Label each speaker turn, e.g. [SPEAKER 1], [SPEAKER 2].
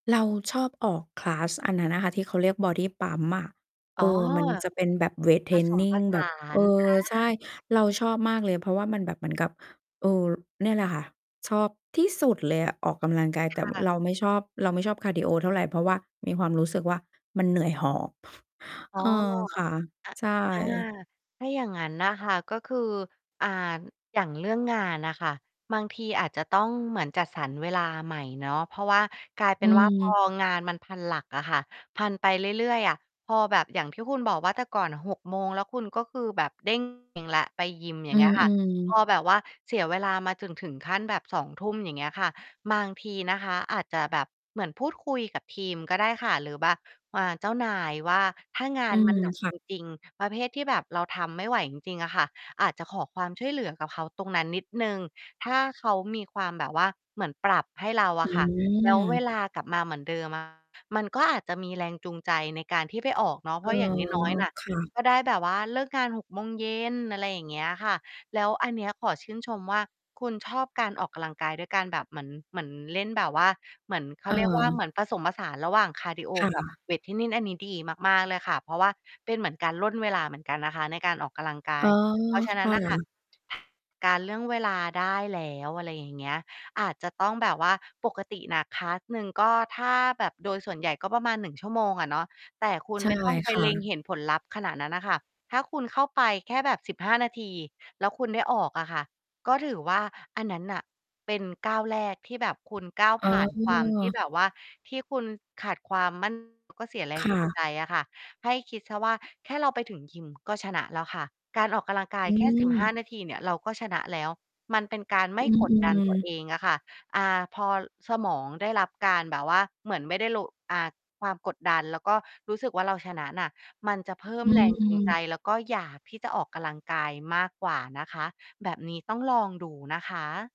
[SPEAKER 1] เราชอบออก คลาส อันนั้นอะค่ะที่เขาเรียกบอดีปั๊มอะ
[SPEAKER 2] อ
[SPEAKER 1] เ
[SPEAKER 2] ๋
[SPEAKER 1] อ
[SPEAKER 2] อ
[SPEAKER 1] อ มันจะเป็นแบบเวตเท
[SPEAKER 2] ผ
[SPEAKER 1] รน
[SPEAKER 2] สม
[SPEAKER 1] นิ
[SPEAKER 2] ผ
[SPEAKER 1] ง
[SPEAKER 2] ส
[SPEAKER 1] แบ
[SPEAKER 2] า
[SPEAKER 1] บ เออ
[SPEAKER 2] น อ
[SPEAKER 1] ใช
[SPEAKER 2] า
[SPEAKER 1] ่ เราชอบมากเลย เพราะว่ามันแบบเหมือนกับ เออ เนี่ยแหละค่ะ ชอบที่สุดเลยอะ ออกกำลังกาย แต่
[SPEAKER 2] ค่ะ
[SPEAKER 1] เราไม่ชอบ เราไม่ชอบคาร์ดีโอเท่าไร เพราะว่ามีความรู้สึกว่า มันเหนื่อยหอบ
[SPEAKER 2] อ๋
[SPEAKER 1] เ
[SPEAKER 2] อ
[SPEAKER 1] ออ ค่ะ
[SPEAKER 2] อา
[SPEAKER 1] ใช่
[SPEAKER 2] อา ถ้าอย่างงั้นน่ะค่ะ ก็คือ อ่า อย่างเรื่องงานน่ะค่ะ บางทีอาจจะต้องเหมือนจัดสรรเวลาใหม่เนาะ เพราะว่ากลายเป
[SPEAKER 1] อื
[SPEAKER 2] ็นว่า พอ
[SPEAKER 1] ม
[SPEAKER 2] งานมันพันหลักอะค่ะ พันไปเรื่อย ๆ อะ พอแบบ อย่างที่คุณบอกว่า แต่ก่อน 6 โมง แล้วคุณก็คือแบบ เด้ง เองแล้วไปยิม อย่
[SPEAKER 1] อ
[SPEAKER 2] า
[SPEAKER 1] ื
[SPEAKER 2] ง เงี้ยค่ะ
[SPEAKER 1] อ
[SPEAKER 2] พ
[SPEAKER 1] ๆ
[SPEAKER 2] อแบบว่าเสียเวลา มาถึง ถึงขั้นแบบ 20:00 อย่างเงี้ยค่ะ บางทีนะคะอาจจะแบบ เหมือนพูดคุยกับทีมก็ได้ค่ะ หรือแบบ อ่า เจ้านายว่า ถ้างา
[SPEAKER 1] อื
[SPEAKER 2] น มั
[SPEAKER 1] ม
[SPEAKER 2] นหนัก
[SPEAKER 1] ค่
[SPEAKER 2] จ
[SPEAKER 1] ะ
[SPEAKER 2] ริง ๆ ประเภทที่แบบเราทำไม่ไหวจริง ๆ อะค่ะ อาจจะขอความช่วยเหลือกับเขาตรงนั้นนิดหนึ่ง ถ้าเขามีความแบบว่าเหมือนปรับให้เราอ
[SPEAKER 1] อื
[SPEAKER 2] ะค่ะ แล้วเว
[SPEAKER 1] ม
[SPEAKER 2] ลากลับมาเหมือนเดิม อะ มันก็อาจจะมีแรงจูงใจในการที่ไปออกเนาะ เ
[SPEAKER 1] เ
[SPEAKER 2] พ
[SPEAKER 1] อ
[SPEAKER 2] รา
[SPEAKER 1] อ
[SPEAKER 2] ะอย่างน้อย ๆ น่ะ
[SPEAKER 1] ค่ะ
[SPEAKER 2] ก็ได้แบบว่า เลิกงาน 6 โมงเย็น อะไรอย่างเงี้ยค่ะ แล้วอันเนี้ยขอชื่นชมว่า คุณชอบการออกกำลังกาย ด้วยการแบบเหมือน เหมือนเล่นแบบว่า เหมือน เขาเรียกว่า เห
[SPEAKER 1] เออ
[SPEAKER 2] มือนผสมผสานระหว่างคาร์ดีโอ
[SPEAKER 1] ค่
[SPEAKER 2] กับ
[SPEAKER 1] ะ
[SPEAKER 2] เวตเทรนนิง อันนี้ดีมาก ๆ เลยค่ะ เพราะว่าเป็นเหมือนการร่นเวลาเหมือนกันนะคะในการออกกำลังกา
[SPEAKER 1] เอ
[SPEAKER 2] ย
[SPEAKER 1] อ
[SPEAKER 2] เพราะฉะน
[SPEAKER 1] ค
[SPEAKER 2] ั้
[SPEAKER 1] ่
[SPEAKER 2] นน่ะค่ะ
[SPEAKER 1] ะ
[SPEAKER 2] การ เรื่องเวลาได้แล้ว อะไรอย่างเงี้ย อาจจะต้องแบบว่า ปกติน่ะ คลาส หนึ่ง ก็ถ้าแบบ โดยส่วนใหญ่ก็ประมาณ 1 ชั่วโมงอะเนาะ แต่คุณ
[SPEAKER 1] ใช่
[SPEAKER 2] ไม่ต้องไป
[SPEAKER 1] ค่
[SPEAKER 2] เล็ง
[SPEAKER 1] ะ
[SPEAKER 2] เห็นผลลัพธ์ขนาดนั้นอะค่ะ ถ้าคุณเข้าไปแค่แบบ 15 นาที แล้วคุณได้ออกอะค่ะ ก็ถือว่าอันนั้นน่ะ เป็นก้าวแรกที่แบบคุณก้าว
[SPEAKER 1] อ๋
[SPEAKER 2] ผ
[SPEAKER 1] อ
[SPEAKER 2] ่านความที่แบบว่า ที่คุณขาดความ มั่น เขาก็เสียแร
[SPEAKER 1] ค
[SPEAKER 2] ง
[SPEAKER 1] ่
[SPEAKER 2] จูง
[SPEAKER 1] ะ
[SPEAKER 2] ใจอะค่ะ ให้คิดเสียว่า แค่เราไปถึงยิม ก็ชนะแล้วค่ะ การออกกะลังกา
[SPEAKER 1] อ
[SPEAKER 2] ย
[SPEAKER 1] ื
[SPEAKER 2] แค่ 15
[SPEAKER 1] ม
[SPEAKER 2] นาทีเนี่ย เราก็ชนะแล้ว มันเป็นการไ
[SPEAKER 1] อ
[SPEAKER 2] ม
[SPEAKER 1] ื
[SPEAKER 2] ่กดดันต
[SPEAKER 1] อ
[SPEAKER 2] ัว
[SPEAKER 1] ๆ
[SPEAKER 2] เองอะค่ะ อ่า พอสมองได้รับการแบบว่า เหมือนไม่ได้โละ อ่า ความกดดัน แล้วก็รู้สึกว่า เราชนะน่ะ มันจะเพิ่
[SPEAKER 1] อ
[SPEAKER 2] ม
[SPEAKER 1] ื
[SPEAKER 2] แรงจูงใจ
[SPEAKER 1] ม
[SPEAKER 2] แล้วก็อยากที่จะออกกำลังกาย มากกว่านะคะ แบบนี้ต้องลองดูนะคะ